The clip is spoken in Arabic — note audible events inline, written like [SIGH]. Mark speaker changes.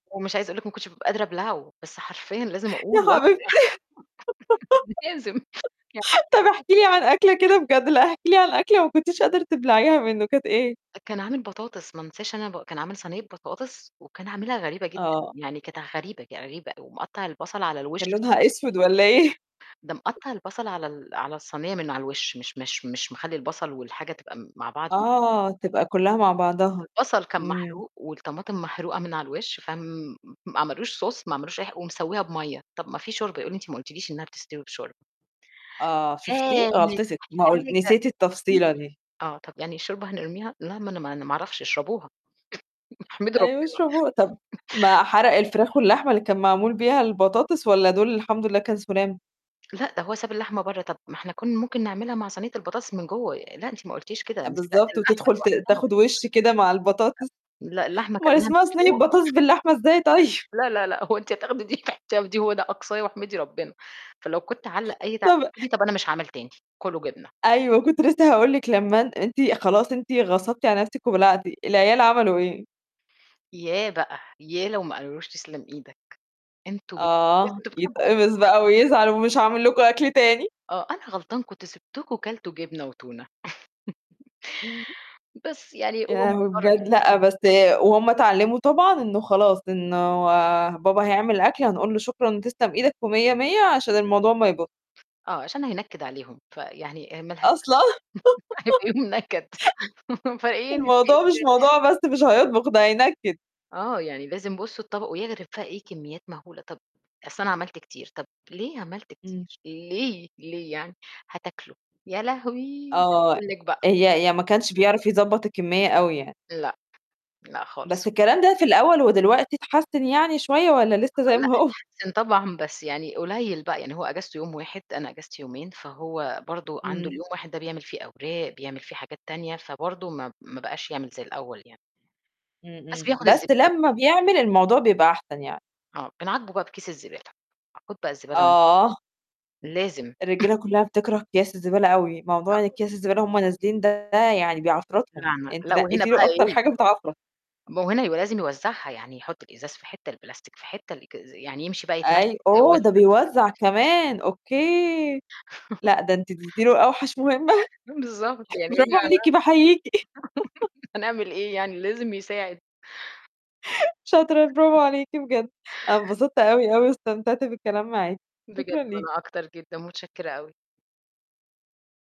Speaker 1: ومش عايزة أقول لِك ما كنتش بابقى قادرة أبلعه، بس حرفيًا لازم
Speaker 2: يا
Speaker 1: أقول
Speaker 2: حبيبتي.
Speaker 1: [UNINTELLIGIBLE] لازم
Speaker 2: [LAUGHS] طب احكي لي عن أكلة كده
Speaker 1: [UNINTELLIGIBLE]
Speaker 2: بجد، لأ احكي لي عن أكلة ما كنتيش قادرة تبلعيها منه، كانت إيه؟
Speaker 1: ده كان عامل بطاطس ما أنساش أنا ب كان عامل صينية بطاطس وكان عاملها غريبة جدًا،
Speaker 2: آه.
Speaker 1: يعني كانت غريبة غريبة ومقطّع البصل على الوش
Speaker 2: كان لونها
Speaker 1: [UNINTELLIGIBLE]
Speaker 2: أسود والّا إيه؟ [CHUCKLES]
Speaker 1: ده مقطّع البصل على ال على الصينية من على الوِش مش مش مش مخلّي البصل والحاجة تبقى مع بعض
Speaker 2: آه، تبقى كلّها مع بعضها،
Speaker 1: البصل كان
Speaker 2: إمم.
Speaker 1: محروق والطماطم محروقة من على الوش، فم ما عملوش sauce ما عملوش أي ح ومسوّيها بمَيّة، طب ما في شوربة، يقول لي: "أنت ما قلتيليش إنها بتستوي بشوربة."
Speaker 2: آه شُفتِ؟ غلطتِك، ما قل نسيتِ التفصيلة
Speaker 1: [UNINTELLIGIBLE]
Speaker 2: دي.
Speaker 1: آه، طب يعني الشوربة هنرميها؟ لا، ما أنا ما أنا ما أعرفش، اشربوها، [CHUCKLES] احمدي
Speaker 2: أيوه
Speaker 1: ربنا
Speaker 2: اشربوه، طب
Speaker 1: [CHUCKLES]
Speaker 2: ما حرق الفراخ واللحمة اللي كان معمول بيها البطاطس والّا دول الحمد لله كان سُلام؟
Speaker 1: لأ، ده هو ساب اللحمة برّه، "طب ما إحنا كنا ممكن نعملها مع صينية البطاطس من جوّه." "لأ أنتِ ما قلتيش كده،
Speaker 2: أ
Speaker 1: أنا سَلقت
Speaker 2: بالضبط،
Speaker 1: اللحمة
Speaker 2: وتِدخل ت
Speaker 1: لوحدها."
Speaker 2: تاخد وِشّ كده مع البطاطس،
Speaker 1: لأ، اللحمة
Speaker 2: أمّال
Speaker 1: كلناها
Speaker 2: اسمها صينية
Speaker 1: مسلوق
Speaker 2: بطاطس باللحمة إزاي طيب؟
Speaker 1: لا، لا، لا، هو أنتِ هتاخدي دي تحطيها في دي؟ هو ده أقصايا واحمدي ربنا، فلو كنت أعلق أي تعليق
Speaker 2: طب
Speaker 1: [UNINTELLIGIBLE] "طب أنا مش عامل تاني، كلوا جبنة."
Speaker 2: أيوه، كنت
Speaker 1: [UNINTELLIGIBLE]
Speaker 2: لسه هاقول لِك لما أن أنتِ خلاص أنتِ غصبتِ على نفسِك وبلعتِ، العيال عملوا إيه؟
Speaker 1: ياه بقى! ياه لو ما قالوا لوش تسلم إيدَك، أنتم [UNINTELLIGIBLE]
Speaker 2: آه،
Speaker 1: أنتم بتحبوا أكل
Speaker 2: يتقمص بقى
Speaker 1: [UNINTELLIGIBLE]
Speaker 2: ويزعل ومش هاعمل لكم أكل تاني.
Speaker 1: آه، أنا غلطان، كنت سبتكم كلتوا جبنة وتونة.
Speaker 2: إمم.
Speaker 1: [CHUCKLES] بس يعني
Speaker 2: يا
Speaker 1: هو
Speaker 2: لهوي
Speaker 1: مضطر
Speaker 2: بجد! لأ، بس وهم اتعلموا طبعًا إنه خلاص، إنه بابا هيعمل أكل هنقول له شكرًا تسلم إيدك ومِيّة مِيّة عشان الموضوع ما يبو
Speaker 1: آه عشان هينكد عليهم، فيعني آآ مالهاش لازمة.
Speaker 2: أصلًا.
Speaker 1: [LAUGHS]
Speaker 2: [LAUGHS]
Speaker 1: هيبقى يوم نكد، فإيه نتقي
Speaker 2: الموضوع مش
Speaker 1: الله.
Speaker 2: موضوع بس مش هيطبخ، ده هينكِّد.
Speaker 1: آه، يعني لازم بُصّوا الطبق، ويغرف بقى إيه، كميات مهولة، "طب أصل أنا عملت كتير." "طب ليه عملت
Speaker 2: إمم.
Speaker 1: كتير ليه؟ ليه يعني؟" "هتاكلوا." يا لهوي! مش
Speaker 2: آه،
Speaker 1: هاقول لِك بقى.
Speaker 2: هي هي ما كانش بيعرف يضبّط الكمّية أوي يعني.
Speaker 1: لأ، لأ خالص.
Speaker 2: بس الكلام ده في الأول ودلوقتي اتحسن يعني شوية والّا لسه زي
Speaker 1: آه، لأ
Speaker 2: ما هو؟
Speaker 1: اتحسن طبعًا، بس يعني قليل بقى، يعني هو أجازته يوم واحد، أنا أجازتي يومين، فهو برضه عنده
Speaker 2: إمم.
Speaker 1: اليوم واحد ده بيعمل فيه أوراق، بيعمل فيه حاجات تانية، فبرضه ما ما بقاش يعمل زي الأول يعني.
Speaker 2: امم،
Speaker 1: بس
Speaker 2: امم،
Speaker 1: بياخد
Speaker 2: بس
Speaker 1: الزبدة ب
Speaker 2: لما بيعمل الموضوع بيبقى أحسن يعني.
Speaker 1: آه، بنعاقبه بقى بكيس الزبالة، "خد بقى الزبالة وان"
Speaker 2: آه.
Speaker 1: لازم. [CHUCKLES]
Speaker 2: الرجال كلّها بتكره كياس الزبالة أوي، موضوع إن
Speaker 1: [UNINTELLIGIBLE]
Speaker 2: كياس الزبالة وهم نازلين ده يعني بيعفرتهم،
Speaker 1: [UNINTELLIGIBLE]
Speaker 2: أنتِ
Speaker 1: لأ وهنا
Speaker 2: نقّيتِ
Speaker 1: بقى
Speaker 2: له أكتر
Speaker 1: إيه
Speaker 2: حاجة بتعفرت.
Speaker 1: ما هو هنا يبقى لازم يوزّعها، يعني يحط الإزاز في حتة، البلاستيك في حتة، الإك يعني يمشي بقى يتمشى
Speaker 2: أي
Speaker 1: ويوزّع.
Speaker 2: أوه! ده بيوزّع كمان، أوكي، لأ،
Speaker 1: [LAUGHS]
Speaker 2: ده أنتِ ادّيتِ له أوحش مهمة.
Speaker 1: بالضبط، يعني [UNINTELLIGIBLE]
Speaker 2: برافو عليكِ باحييكِ. [LAUGHS]
Speaker 1: [LAUGHS] هنعمل إيه يعني؟ لازم يساعد.
Speaker 2: شاطرة، برافو عليكِ بجد. أنا انبسطت أوي، أوي واستمتعت بالكلام معاكِ،
Speaker 1: بجد
Speaker 2: شكرًا ليكِ.
Speaker 1: وأنا أكتر جدًا، متشكرة أوي.